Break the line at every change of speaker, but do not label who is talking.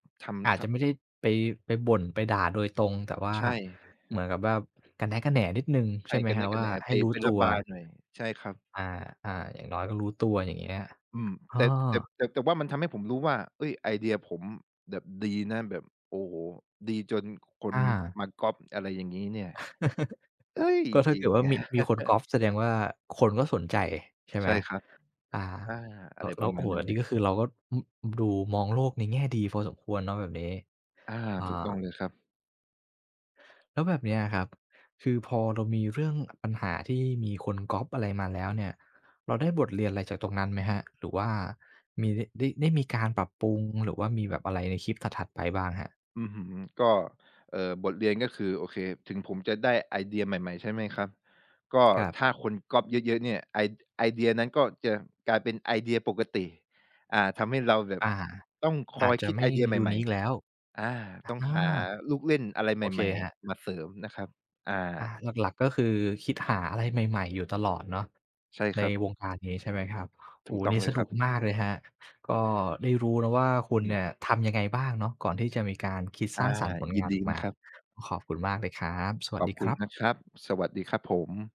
ท
อา
ำ
จ
ท
จะไม่ได้ไป ไปบ่น ไปด่าโดยตรง แต่ว่า
ใช่
เหมือนกับว่ากระแนะกระแหนนิดหนึ่ง
ใ
ใ
ช
ช
่
่ไหม
กระแ
คร
น
ับ
ะก
ว
ระแ
่า
หน
ใ
ไ
ห
ป
้รู้
ไป
ต
ระ
ัว?
บายหน่อย ใช่ครับ
อา ๆ อย่างน้อยก็รู้ตัว อย่างเงี้ย
อืม
เออ
แต่ แต่ แต่ แต่ว่ามันทำให้ผมรู้ว่า เอ๊ย ไอเดียผมแบบดีนะ แบบ โอ้โฮ ดีจนค
อ
น
า
มาก๊อบ อะไรอย่างงี้เนี่ย เอ๊ย
ก็ถ้
จ
า
ริ
เกิ
ง
ดว่ามี มีคนก๊อบแสดงว่าคนก็สนใจ ใช่ไ
ใช
หม
่ครับ
อา
อา อ
แล
ะ
้
ไร
ว แ
ป
ล้
ร
ว
ะ
โ
ม
อ้
า
โ
ณ
ฮ
นั้
อ
น
ัน
เล
นี้
ย
ก็คือเราก็ อ อืม ดูมองโลกในแง่ดีพอสมควรเนาะแบบนี้
อา
อา
ถูกต้องเลยครับ
แล้วแบบนี้อะครับ คือพอเรามีเรื่องปัญหาที่มีคนก๊อบอะไรมาแล้วเนี่ย เราได้บทเรียนอะไรจากตรงนั้นไหมครับ หรือว่ามี ได้ ได้มีการปรับปรุง หรือว่ามีแบบอะไรในคลิปถัด ๆ ไปบ้างครับ?
อื้อฮือ ก็ เอ่อ บทเรียนก็คือ โอเค ถึงผมจะได้ไอเดียใหม่ ๆ ใช่ไหมครับ ก็
ครับ
ถ้าคนก๊อบเยอะ ๆ เนี่ย ไอ ไอเดียนั้นก็จะกลายเป็นไอเดียปกติ อ่า ทำให้เราแบบ
อา
ต้องค
อ
อ
าจ
ย
จ
ค
ะ
ิด
ไม
ไอ
่
เดียใ
ยู
หม
น
่
ีกแล้ว
ๆ อา
อา
ต้องหาลูกเล่นอะไร
โ
ใ
อเค
หม่
ครับ
ๆ มาเสริมนะครับ อา
อา หลัก ๆ ก็คือคิดหาอะไรใหม่ ๆ อยู่ตลอดเนาะ
ใช่
ใ
ค
น
รับ
วงการนี้ใช่ไหมครับ? โ
ถ
อ้
ู
โ
ก
ฮ วั
ต
น
้อ
น
ง
ี้
เล
ส
ยค
นุ
รับ
กมากเลยครับ ก็ได้รู้นะว่าคุ
อื
ณ
ม
เนี่ยทำยังไงบ้างเนาะก่อนที่จะมีการคิด
อ
ส
า
ร้างสรรค์ผล
ย
ง
ิน
าน
ด
อ
ี
อก
น
ม
ะ
า
ครับ
ขอบคุณมากเลยครับ สว
ข
ัส
อ
ด
บ
ี
ค
ค
ุ
ร
ณ
ับ
นะครับ สวัสดีครับผม